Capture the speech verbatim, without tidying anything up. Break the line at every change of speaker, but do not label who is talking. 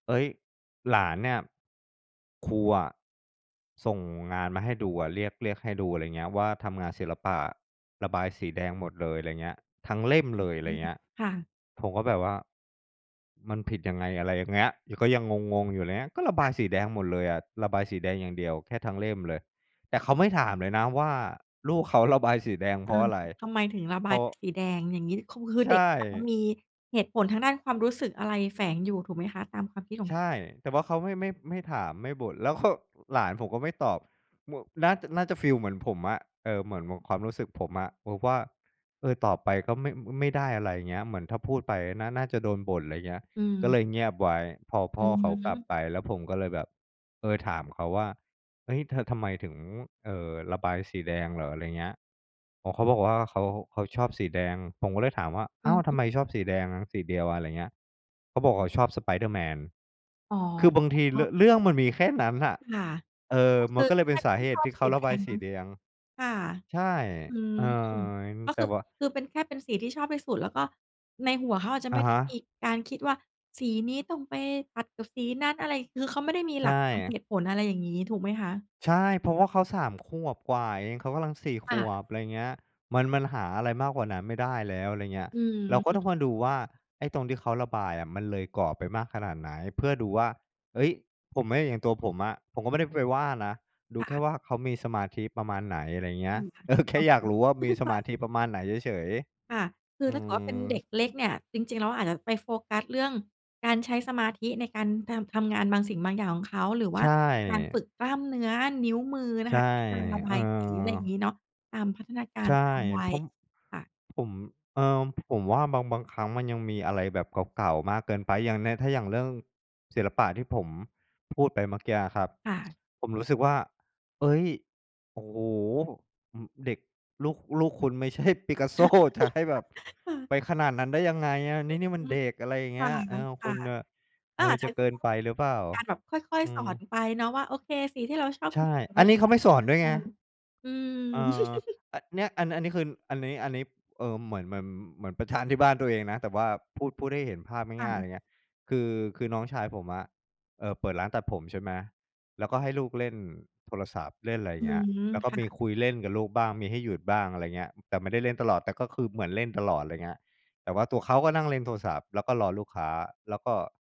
เฮ้ย! หลานเนี่ย ครูอะส่งงานมาให้ดูอะ เรียก เรียกให้ดู อะไรเงี้ย ว่าทำงานศิลปะ ระบายสีแดงหมดเลย อะไรเงี้ย ทั้งเล่ม
อื้
เล
อ
ย อะ
ฮ
ไร
ือ
เงี้ย
ค่ะ
ผมก็แบบว่ามันผิดยังไง? อะไรอย่างเงี้ย ก็ยังงง ๆ อยู่ ไรเงี้ย ก็ระบ
ค
า
ะ
ยสีแดงหมดเลยอะ ระบายสีแดงอย่างเดียวแค่ ทั้งเล่มเลย แต่เขาไม่ถามเลยนะว่า ลูกเขาระบายสีแดง
เ
เพ
อ
ราะ
อ
อะไร?
ทำไมถึงระ
เ
บ
พร
าย
าะ
เป็นสีแดง อย่างงี้? เขาคื
ใ
อ
ช
เด็ก อา
่
มีเหตุผลทางด้านความรู้สึก อะไรแฝงอยู่ถูกไหมคะ ตามความคิดของ
ใ
คุณ?
ช่ แต่ว่าเขา ไม่ ไม่ ไม่ถาม ไม่บ่น แล้วเขา หลานผมก็ไม่ตอบ ม น่า น่าจะฟีลเหมือนผมอะ เออ เหมือน เหมือนความรู้สึกผมอะ บอกว่า เออ ตอบไป ก็ ไม่ ไม่ได้อะไร เงี้ย เหมือนถ้าพูดไป น่า น่าจะโดนบ่น อะไรเงี้ย
อ
ก็
ือ
เลยเงียบไว้ พอพ
อื
่อ
อ
เขา
ฮ
กล
ึ
ับไป แล้วผมก็เลยแบบ เออ ถามเขาว่า "เฮ้ย! เธอทำไมถึง เอ่อ ระบายสีแดงเหรอ?" อะไรเงี้ย อ๋อ เขาบอกว่า เขา เขาชอบสีแดง ผมก็เลยถามว่า "อ
อ
้
ื
า
อ
ว! ท
ฮ
ำ
ึ
ไมชอบสีแดงสีเดียว?" อะไรเงี้ย เขาบอกชอบสไปเดอร์-แมน
อ๋อ
คือบางที ร เรื่องมันมีแค่นั้นน่ะ
ค่ะ
เออ
ก็
ม
ค
ัน
ือ
ก็เลย
แค
เป็น
่
ส
ท
า
่า
เ
น
ห
ช
ตุ
อ
ท
บ
ี่เข
ส
า
ี
ร
แ
ะ
ด
บาย
ง
ส
เน
ี
าะ
แดง
ค่ะ
ใช่
อืม
เออ
ก็
แต
คื
่
อ
ว่า
คือเป็นแค่เป็นสีที่ชอบที่สุด แล้วก็ในหัวเขาอาจจะ
อ
ไม
ะ
่ไ
ฮ
ด้มี
ะ
การคิดว่า สีนี้ต้องไปตัดกับสีนั้นอะไร คือเขาไม่ได้มี
ใช
หลักตามเห
่
ตุผล อะไรอย่างงี้ ถูกไหมคะ?
ใช่ เพราะว่าเขา สาม ขวบกว่าเอง เขากำลัง สี่ ข
ค่
ว
ะ
บ อะไรเงี้ย มัน มันหาอะไรมากกว่านั้นไม่ได้แล้ว อะไรเงี้ย
อือ
เราก็
ฮ
ต้อง
ึ
มาดูว่า ไอ้ตรงที่เขาระบายอะ มันเลยกรอบไปมากขนาดไหน เพื่อดูว่า เฮ้ย! ผมอะ อย่างตัวผมอะ ผมก็ไม่ได้ไปว่านะ ดู
ค่
แค่
ะ
ว่าเขามีสมาธิประมาณไหน อะไรเงี้
จร
ย
ิงค่ะ
เออ แค
คร
่
อบ
อยา
ค
ก
ลุม
รู้ว่า
อื
ม
อ
ี
ฮึ
ส
ค
ม
่
า
ะ
ธิประมาณไหนเฉย
ค่ะ คื
ๆ
อ
อื
ถ้าเกิดเขาเป็น
ม
เด็กเล็กเนี่ย จริง ๆ แล้ว อาจจะไปโฟกัสเรื่องการใช้สมาธิ ในการ ทำ ทำงานบางสิ่ง บางอย่างของเขา หรือว
ใช
่าการ
่
ฝึกกล้ามเนื้อนิ้วมือน
ใช
ะ
่
ค่ะ การระบ
เออ
ายสี อะไรอย่างงี้เนาะ ตามพัฒนากา
ใ
ร
ช
ต
่
ามวั
เพร
ย
าะ
ค่ะ
ผม เออ ผมว่า บาง บางครั้งมันยังมีอะไรแบบเก่า ๆ มากเกินไป อย่างเนี้ยถ้าอย่างเรื่องศิลปะที่ผมพูดไปเมื่อเกีัยอะครับ
ค่ะ
ผมรู้สึกว่า เฮ้ย! โอ้โฮ! อ เด็ก ลูก ลูกคุณ ไม่ใช่ ปิกาโซ จะให้แบบ
ค่ะ
ไปขนาดนั้นได้ยังไงอะ
เอ
น
อ
ี่ นี่มัน
อื
เ
ม
ด็ก อะไรอย่างเ
ค
ง
่
ี
ะ
้ย เออ
ค
คุ
่ะ
ณอะ
ก
เอ
็อ
อ
าจใช
จ
้
ะ
แ
เ
บ
ก
บ
ิน
ต้อง
ไปหรือเปล่า?
การแบบค่อย
อื
ๆ สอ
ม
นไปเนาะว่า โอเค สีที่เราชอบ
ใช
ค
่
ือสีเ
อ
น
ั
ี้
น
ย
นี้เขาไม่สอนด้วยไง
[unintelligible] อืม
เออ อ เนี่ย อันเนี้ย คือ อันนี้ อันนี้ เออ เหมือน เหมือน เหมือนไปแทนที่บ้านตัวเองนะ แต่ว่า พูด พูดให้เห็นภาพง่
ค่
าย ๆ
ะ
อย่างเงี้ย คือ คือน้องชายผมอะ เอ่อ เปิดร้านตัดผม ใช่ไหม แล้วก็ให้ลูกเล่นโทรศัพท์ เล่นอะไร
อื
เงี้ย
ม
แล้วก็
ค่
มี
ะ
คุยเล่นกับลูกบ้าง มีให้หยุดบ้าง อะไรเงี้ย แต่ไม่ได้เล่นตลอด แต่ก็คือเหมือนเล่นตลอด อะไรเงี้ย แต่ว่าตัวเขาก็นั่งเล่นโทรศัพท์ แล้วก็รอลูกค้า แล้วก็